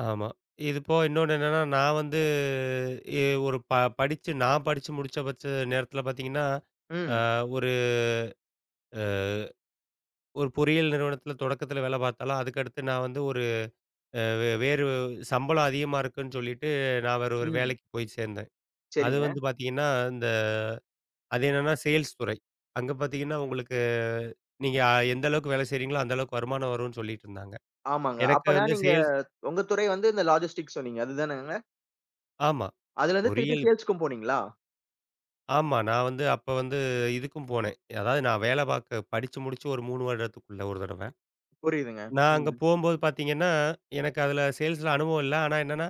ஆமா இது போக இன்னொன்னு என்னன்னா நான் வந்து, எ ஒரு ப படிச்சு நான் படிச்சு முடிச்ச பட்ச நேரத்துல பார்த்தீங்கன்னா, ஆ ம். ஒரு. அ. ஒரு அ ஒரு பொறியியல் நிறுவனத்துல தொடக்கத்துல வேல பார்த்த நான் அதுக்கடுத்து நான் வந்து ஒரு, அ வேறு சம்பளம் அதிகமா இருக்குன்னு சொல்லிட்டு, நான் வேற ஒரு ம். வேலைக்குப் போய்ச் சேர்ந்தேன். அது சரிங்க. வந்து பாத்தீங்கன்னா அந்த. அது என்னன்னா சேல்ஸ் துறை. அங்க பாத்தீங்கன்னா உங்களுக்கு நீங்க எந்த அளவுக்கு வேலை செய்யறீங்களோ, அந்த அளவுக்கு வருமானம் வரும்னு சொல்லிட்டுருந்தாங்க. ஆமாங்க. எனக்கு அப்பனா வந்து நீங்க சேல்ஸ் உங்கத் துறை வந்து இந்த லாஜஸ்டிக் சொன்னீங்க. அதுதானங்க? ஆமா. அதுலருந்து திருப்பி பொறியியல். சேல்ஸ்க்கும் போனீங்களா? ஆமா. நான் வந்து அப்போ வந்து இதுக்கும் போனேன். அதாவது நான் வேலை பார்க்கப் படிச்சு முடிச்சு ஒரு 3 வருடத்துக்குள்ள ஒரு தடவ. புரியுதுங்க. நான் அங்க ம். போகும்போது பார்த்தீங்கன்னா, எனக்கு அதுல சேல்ஸ்ல அனுபவம் இல்ல. ஆனா என்னன்னா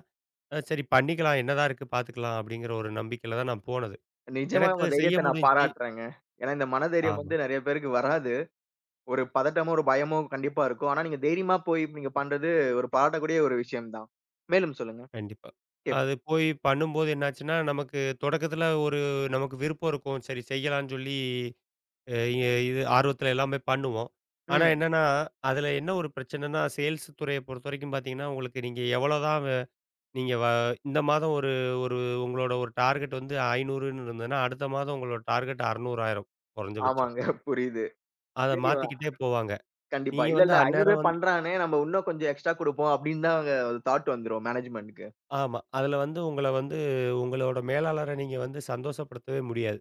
சரி பண்ணிக்கலாம். என்னதான் இருக்கு பாத்துக்கலாம் அப்டிங்கற ஒரு நம்பிக்கையில தான் நான் போனது. நிஜமா உங்க எனக்குச் செய்ய தைரியத்த நான் முடிஞ்சிச்சு. பாராட்றேங்கே. ஏன்னா இந்த மன தைரியம் ஆமா. வந்து நெறைய பேருக்கு வராது. ஒரு பதட்டமோ, ஒரு பயமோ கண்டிப்பா இருக்கும். ஆனா நீங்கத் தைரியமா போய் நீங்கப் பண்றது ஒரு பாராட்டக்கூடிய ஒரு விஷயம்தான். மேலும் சொல்லுங்க. கண்டிப்பா. கேட்போம். அது போய் பண்ணும்போது என்ன ஆச்சுன்னா, நமக்குத் தொடக்கத்துல ஒரு நமக்கு விருப்பம் இருக்கும். சரி செய்யலான்னு சொல்லி, ய ய இது ஆர்வத்துலல்லாம் போய் பண்ணுவோம். ஆனா ம். என்னன்னா அதுல என்ன ஒரு பிரச்சனன்னா சேல்ஸ் துறைய பொறுத்த வரைக்கும் பாத்தீங்கன்னா, உங்களுக்கு நீங்க எவ்வளோ தான், நீங்க வ இந்த மாதம் ஒரு ஒரு உங்களோட ஒரு டார்கெட் வந்து 500ன்னு இருந்ததுன்னா. அடுத்த மாதம் உங்களோட டார்கெட் 600 ஆயிரும் குறைஞ்ச பட்சம். ஆமாங்க புரியுது. அத சரி ஆ. மாத்திக்கிட்டே போவாங்க. கண்டிப்பா. நீங்க இல்ல, வந்து இல்ல 500ஏ அந்நேரம் வந் பண்றானே நம்ம இன்னும் கொஞ்சம் எக்ஸ்ட்ரா குடுப்போம். அப்படின்னுதான் அங்க தாட் வந்துரும் மேனேஜ்மென்ட்க்கு. ஆமா. அதுல வந்து உங்கள வந்து உங்களோட மேலாளர நீங்க வந்து சந்தோசப்படுத்தவே முடியாது.